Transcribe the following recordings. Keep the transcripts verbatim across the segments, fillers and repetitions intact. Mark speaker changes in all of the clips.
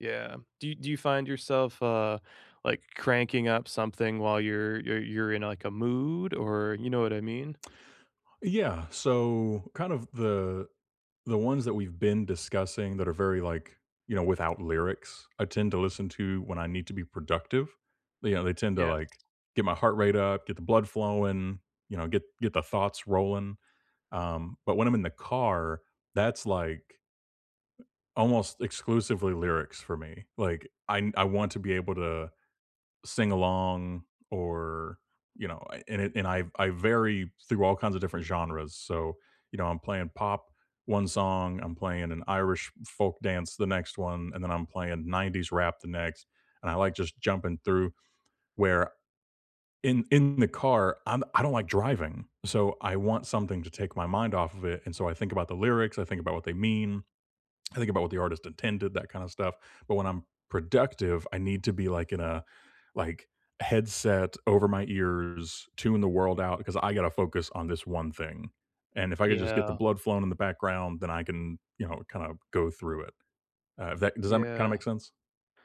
Speaker 1: Yeah, do do you find yourself, uh, like, cranking up something while you're you're you're in, like, a mood, or you know what I mean?
Speaker 2: Yeah, so, kind of the the ones that we've been discussing that are very, like you know, without lyrics, I tend to listen to when I need to be productive. You know, they tend to,
Speaker 1: Yes.
Speaker 2: like, get my heart rate up, get the blood flowing, you know, get get the thoughts rolling, um, but when I'm in the car, that's, like almost exclusively lyrics for me, like, I n I want to be able to sing along or you know, a and it and I I vary through all kinds of different genres, so, you know, I'm playing pop one song, I'm playing an Irish folk dance the next one, and then I'm playing nineties rap the next, and I like just jumping through, where, in in the car, I'm I don't like driving, so I want something to take my mind off of it, and so I think about the lyrics, I think about what they mean, I think about what the artist intended, that kinda stuff, but when I'm productive, I need to be, like, in a like, headset over my ears, tune the world out, 'cause I gotta focus on this one thing, and if I could just get the
Speaker 1: Yeah.
Speaker 2: blood flowing in the background, then I can, you know, kinda go through it. Uh, if that does that ma kinda
Speaker 1: Yeah.
Speaker 2: make sense?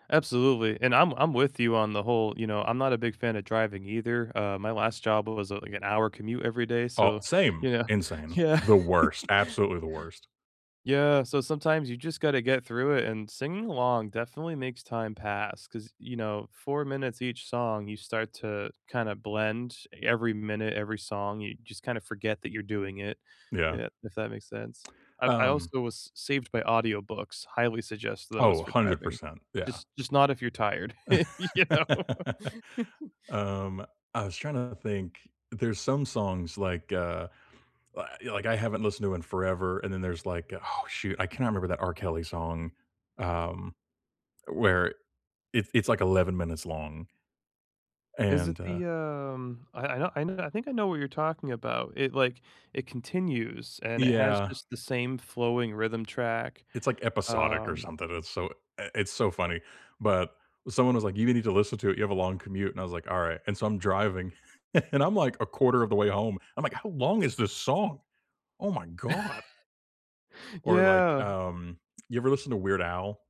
Speaker 1: Absolutely, and I'm I'm with you on the whole you know, I'm not a big fan of driving either. Uh, my last job was, uh, like, an hour commute every day,
Speaker 2: Oh
Speaker 1: so,
Speaker 2: same,
Speaker 1: you know
Speaker 2: insane,
Speaker 1: yeah.
Speaker 2: the worst, absolutely the worst.
Speaker 1: Yeah, so sometimes you just gotta get through it, and singing along definitely makes time pass 'cause, you know, four minutes each song, you start to, kinda blend every minute, every song. You just, kinda forget that you're doing it,
Speaker 2: Yeah.
Speaker 1: yeah, if that makes sense. I've I
Speaker 2: Um
Speaker 1: also was saved by audiobooks. Highly suggest those
Speaker 2: Oh,
Speaker 1: for
Speaker 2: hundred
Speaker 1: driving.
Speaker 2: percent, yeah.
Speaker 1: Just just not if you're tired, you know?
Speaker 2: Um, I was trying to think, there's some songs, like, uh, wa yeah, like, I haven't listened to in forever, and then there's, like oh, shoot, I can't ever remember that R. Kelly song, um, where it's it's, like, eleven minutes long
Speaker 1: Is it
Speaker 2: and, uh
Speaker 1: the, um I I know I know I think I know what you're talking about. It, like it continues, and it has
Speaker 2: Yeah.
Speaker 1: just the same flowing rhythm track,
Speaker 2: It's, like, episodic or
Speaker 1: um
Speaker 2: something, it's so i it's so funny, but someone was like, "You need to listen to it, you have a long commute." And I was like, "Alright." And so, I'm driving, and I'm, like, a quarter of the way home, I'm like, "How long is this song? Oh my god." Or, like,
Speaker 1: Yeah.
Speaker 2: um, you ever listen to Weird Al?